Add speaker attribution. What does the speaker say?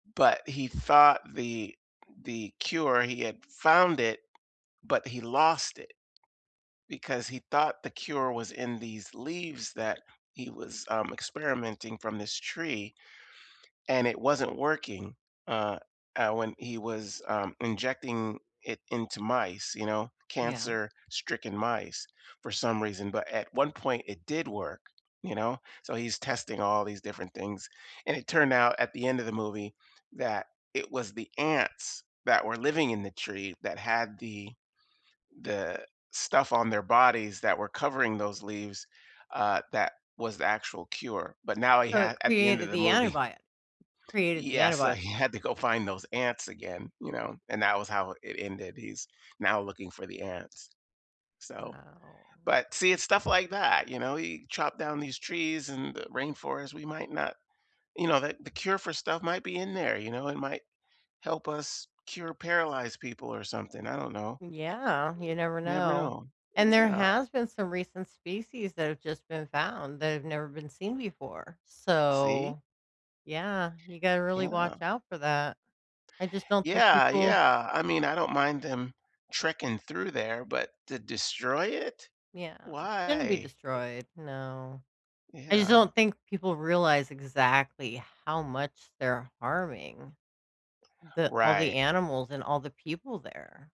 Speaker 1: But he thought the the cure he had found it, but he lost it because he thought the cure was in these leaves that he was, um, experimenting from this tree and it wasn't working, uh, uh, when he was, um, injecting it into mice, you know,
Speaker 2: Yeah.
Speaker 1: cancer-stricken mice for some reason. But at one point it did work, you know? So, he's testing all these different things, and it turned out at the end of the movie that it was the ants that were living in the tree that had the the stuff on their bodies that were covering those leaves, uh, that was the actual cure. But now he
Speaker 2: So, it
Speaker 1: had at the end of
Speaker 2: created
Speaker 1: the
Speaker 2: the
Speaker 1: movie
Speaker 2: antibio created the
Speaker 1: Yeah, so he
Speaker 2: antibody.
Speaker 1: had to go find those ants again, you know, and that was how it ended- he's now looking for the ants. So,
Speaker 2: Wow.
Speaker 1: but see, it's stuff like that, you know? He chopped down these trees and the rainforest, we might not, you know, that the cure for stuff might be in there, you know? It might help us cure paralyzed people or something, I don't know.
Speaker 2: Yeah, you never
Speaker 1: You never
Speaker 2: know.
Speaker 1: know,
Speaker 2: And there
Speaker 1: yeah.
Speaker 2: has been some recent species that have just been found that have never been seen before,
Speaker 1: See?
Speaker 2: so, yeah, you gotta really watch
Speaker 1: Yeah.
Speaker 2: out for that. I just don't think
Speaker 1: Yeah,
Speaker 2: people
Speaker 1: yeah, I mean, I don't mind them trekking through there, but to destroy it?
Speaker 2: Yeah, it shouldn't be
Speaker 1: Why?
Speaker 2: destroyed, no. I just
Speaker 1: Yeah.
Speaker 2: don't think people realize exactly how much they're harming the all the
Speaker 1: Right.
Speaker 2: animals and all the people there.